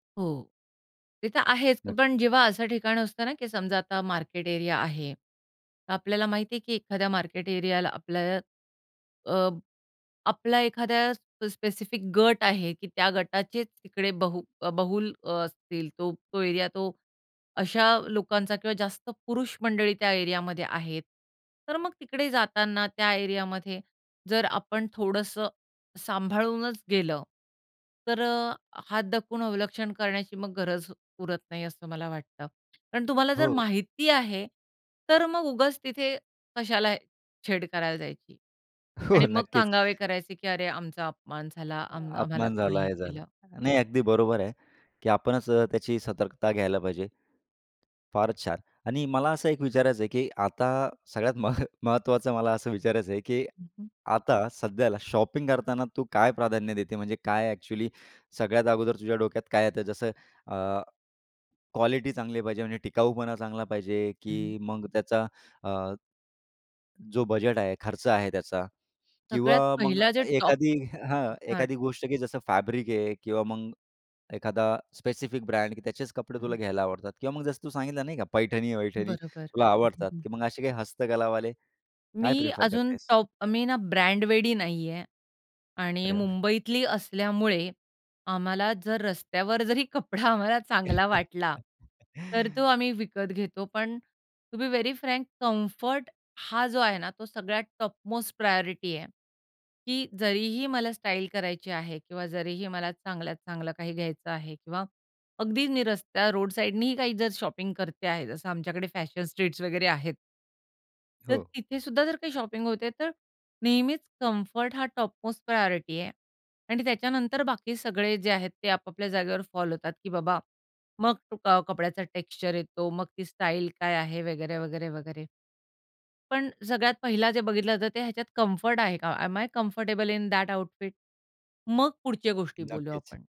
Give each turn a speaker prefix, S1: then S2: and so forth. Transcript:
S1: हो. ते तर आहेच
S2: नक्की.
S1: पण जेव्हा असं ठिकाण असतं ना, की समजा आता मार्केट एरिया आहे. तर आपल्याला माहिती आहे, की एखाद्या मार्केट एरियाला आपल्याला अ, आपला एखाद्या प स्पेसिफिक गट आहे की त्या गटाचे तिकडे बहु बहुल असतील, तो. तो एरिया तो अशा लोकांचा किंवा जास्त पुरुष मंडळी त्या एरियामध्ये आहेत. तर मग तिकडे जाताना त्या एरियामध्ये, जर आपण थोडंसं सांभाळूनच गेलं, तर अ, हात दाखवून अवलक्षण करण्याची गरज उरत नाही असं मला वाटतं. कारण तुम्हाला जर
S2: हो.
S1: माहिती आहे, तर मग उगाच तिथे कशाला छेड करायला जायची.
S2: हो
S1: आणि मग
S2: नक्कीच.
S1: सांगावे करायचे, की अरे आमचा अपमान झाला
S2: अ,
S1: आम आम्हाला
S2: अपमान
S1: कोणी
S2: झाला
S1: हे
S2: हे झाला.
S1: केलं.
S2: नाही, अगदी बरोबर आहे, की आपणच त्याची सतर्कता घ्यायला पाहिजे. फारच छान. आणि मला असं एक विचारायचं आहे, की आता सगळ्यात मह महत्त्वाचं मला असं विचारायचं आहे, की
S1: हं, हं.
S2: आता सध्याला शॉपिंग करताना तू काय प्राधान्य देते? म्हणजे काय एक्चुअली सगळ्यात अगोदर तुझ्या डोक्यात काय येतं? जसं अ, क्वालिटी चांगली पाहिजे म्हणजे टिकाऊपणा चांगला पाहिजे
S1: हं, हं.
S2: की मग त्याचा अ, जो बजेट आहे, खर्च आहे त्याचा?
S1: सगळ्यात
S2: किंवा मग
S1: पहिला जे टॉप
S2: एखादी हं, हां,
S1: [unintelligible]
S2: एखादी गोष्ट की जसं फॅब्रिक आहे किंवा मग एखादा स्पेसिफिक ब्रँड त्याचेच कपडे
S1: हं.
S2: तुला घ्यायला आवडतात किंवा मग जसं तू सांगितलं नाही का पैठणी-वैठणी
S1: बरोबर.
S2: तुला
S1: हं, हं,
S2: आवडतात,
S1: हं.
S2: की मग असे काही हस्तकलावाले, काय
S1: मी
S2: प्रिफर
S1: अजून
S2: करतेस?
S1: टॉप मी ना, ब्रँडवेडी नाही आहे. आणि
S2: अरे वाह!
S1: मुंबईतली असल्यामुळे आम्हाला जर रस्त्यावर जरी कपडा आम्हाला चांगला वाटला, तर तो आम्ही विकत घेतो. पण to be very frank comfort हा जो आहे ना, तो सगळ्यात टॉप मोस्ट प्रायोरिटी आहे. की जरीही मला स्टाईल करायची आहे किंवा जरीही मला चांगल्यात चांगलं काही घ्यायचं आहे किंवा अगदी निरस्त्या रोड साईडनीही काही जर शॉपिंग करते आहे जसं आमच्याकडे फॅशन स्ट्रीट्स वगैरे आहेत. तर
S2: हो.
S1: तिथे सुद्धा जर काही शॉपिंग होते, तर नेहमीच कम्फर्ट हा टॉपमोस्ट प्रायोरिटी आहे. आणि त्याच्यानंतर बाकी सगळे जे आहेत ते आपापल्या जागेवर फॉल होतात की बाबा, मग कपड्याचा टेक्स्चर येतो मग ती स्टाईल काय आहे? वगैरे, वगैरे, वगैरे. पण सगळ्यात पहिला जे बघितलं जातं ते ह्याच्यात कम्फर्ट आहे का? Am I comfortable in that outfit? मग पुढच्या गोष्टी बोलूया
S2: नक्कीच.
S1: आपण.